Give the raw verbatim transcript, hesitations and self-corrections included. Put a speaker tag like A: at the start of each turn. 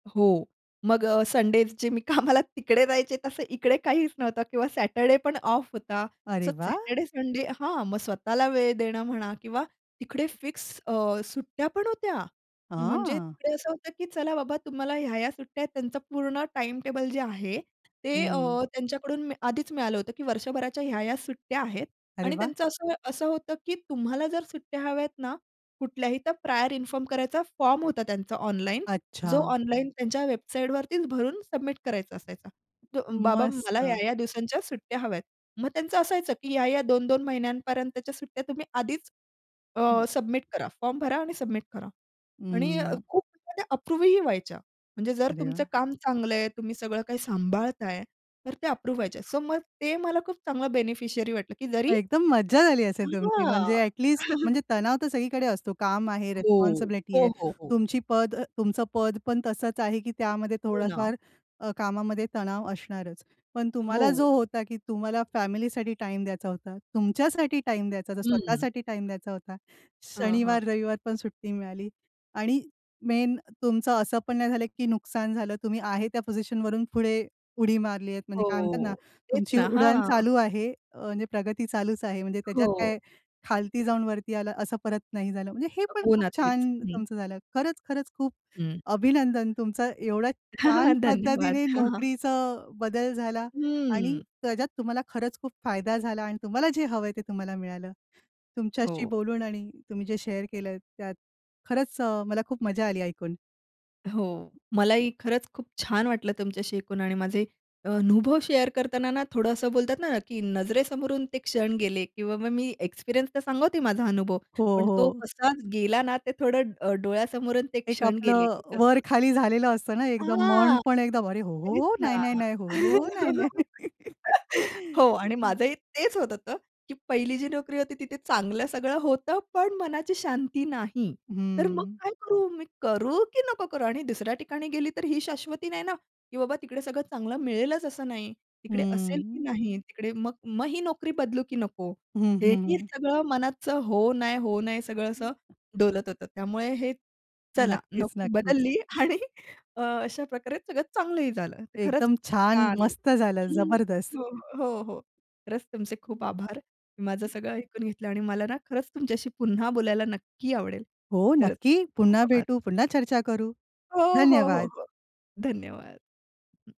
A: हो. मग अ, संडे जे मी कामाला तिकडे जायचे. तसं इकडे काहीच नव्हतं किंवा सॅटरडेपण ऑफ होता. सो
B: अरे वाह!
A: सॅटरडे संडे हां, मग स्वतःला वेळ देणं म्हणा किंवा तिकडे फिक्स अ, सुट्ट्यापण होत्या. म्हणजे
B: हां.
A: तिकडे असं होतं, की चला बाबा, तुम्हाला ह्या-ह्या सुट्ट्या आहेत. त्यांचं पूर्ण टाईमटेबल जे आहे ते अ,
B: हं.
A: त्यांच्याकडून मी आधी मिळालं होतं, की वर्षभराच्या ह्या-ह्या सुट्ट्या आहेत
B: अरे
A: आणि
B: वाह!
A: त्यांचं असं असं होतं, की तुम्हाला जर सुट्ट्या हव्या आहेत ना कुठल्याही, तर प्रायर इन्फॉर्म करायचा, फॉर्म होता त्यांचा ऑनलाईन. जो
B: अच्छा.
A: ऑनलाईन त्यांच्या वेबसाईटवरतीच भरून सबमिट करायचा असायचा. बाबा
B: मस्त.
A: मला या-या दिवसांच्या सुट्ट्या हव्यात. मग त्यांचं असायचं, की या-या, दोन दोन महिन्यांपर्यंतच्या सुट्ट्या तुम्ही आधीच
B: हं.
A: अ, सबमिट करा, फॉर्म भरा आणि सबमिट करा. आणि
B: हं.
A: खूप म्हणजे अप्रूव्हही व्हायच्या. म्हणजे जर
B: अरे
A: तुमचं
B: वाह!
A: काम चांगलंय. तुम्ही सगळं काही सांभाळताय, तर ते अप्रूव्ह व्हायचे. सो मग ते मला खूप चांगलं बेनिफिशियरी वाटलं, की जरी
B: मग एकदम मज्जा झाली असेल तुमची म्हणजे
A: हां.
B: ॲटलीस्ट म्हणजे तणाव तर सगळीकडे असतो. काम आहे,
A: हो,
B: रिस्पॉन्सिबिलिटी
A: हो,
B: आहे.
A: हो, हो.
B: तुमची पद तुमचं पद पण तसंच आहे की त्यामध्ये
A: हो ना.
B: थोडाफार अ, कामामध्ये तणाव असणारच. पण तुम्हाला जो
A: हो.
B: होता की तुम्हाला फॅमिलीसाठी टाईम द्यायचा होता, तुमच्यासाठी टाईम द्यायचा होता,
A: हं.
B: स्वतःसाठी टाईम द्यायचा होता.
A: हां, हां.
B: शनिवार-रविवार पण सुट्टी मिळाली. आणि मेन तुमचं असं पण नाही झालं की नुकसान झालं. तुम्ही आहे त्या पोझिशनवरून पुढे, उडी मारलीयेत म्हणजे काय म्हणतात ना
A: हो. तेच
B: तुमची
A: ना.
B: उडण
A: हां.
B: चालू आहे अ, म्हणजे प्रगती चालूच आहे म्हणजे त्याच्यात
A: हो.
B: काय खालती जाऊन वरती आलं असं परत नाही झालं. म्हणजे हे पण
A: हो
B: खूप
A: ना. तेच.
B: छान
A: हं.
B: तुमचं झालं. खरंच-खरंच खूप
A: हं.
B: अभिनंदन तुमचा एवढ्या
A: हां, हां,
B: छान
A: हां. धन्यवाद.
B: पद्धतीने
A: हां, हां.
B: नोकरीचं बदल झाला आणि
A: हं.
B: त्याच्यात तुम्हाला खरंच खूप फायदा झाला आणि तुम्हाला जे हवंय ते तुम्हाला मिळालं. तुमच्याशी
A: हो.
B: बोलून आणि तुम्ही जे शेअर केलत त्यात खरंच अ, मला खूप मजा आली ऐकून.
A: हो. मलाही खरंच खूप छान वाटलं तुमच्याशी ऐकून आणि माझे अनुभव शेअर करताना ना थोडं असं बोलतात ना, की नजरेसमोरून ते क्षण गेले किंवा मग मी एक्सपिरियन्स तर सांगते माझा अनुभव,
B: हो,
A: पण तो
B: हो.
A: कसा गेला ना ते थोडं डोळ्यासमोरून ते
B: एक
A: क्षण गेले,
B: आपलं
A: की कसं
B: वर-खाली झालेलं असतं ना, एकदम मन
A: हां.
B: पण एकदम अरे! हो, हो,
A: त्यानीच
B: हो. नाही,
A: ना.
B: नाही, नाही. हो, हो, हो. नाही, नाही, नाही.
A: हो आणि
B: हं.
A: माझंही तेच होतं होत की पहिली जी नोकरी होती तिथे चांगलं सगळं होतं, पण मनाची शांती नाही. तर मग
B: हं.
A: काय करू? मी करू की नको करू? आणि दुसऱ्या ठिकाणी गेली तर ही शाश्वती नाही ना की बाबा तिकडे सगळं चांगलं मिळेलच असं नाही. तिकडे असेल की
B: हं.
A: नाही तिकडे? मग मग ही नोकरी बदलू की नको?
B: हं,
A: हे ही,
B: हं.
A: सगळं मनाचं हो नाही, हो नाही, सगळं असं डोलत होतं. त्यामुळे हे चला
B: नक्कीच,
A: नोकरी
B: नक्कीच.
A: बदलली आणि अ, अशा प्रकारे सगळं चांगलंही झालं. खरंच
B: एकदम
A: खूप
B: छान.
A: छान
B: मस्त
A: होतं
B: झालं. जबरदस्त.
A: हो, हो, हो, हो. खरंच तुमचे खूप
B: हं.
A: आभार. तुम्ही माझं सगळं ऐकून घेतलं आणि मला ना खरंच तुमच्याशी पुन्हा बोलायला नक्की आवडेल.
B: हो,
A: खरंच
B: नक्की.
A: खूप
B: पुन्हा
A: आभार.
B: भेटू. पुन्हा चर्चा करू.
A: हो, हो, हो,
B: धन्यवाद.
A: हो. धन्यवाद. [unintelligible]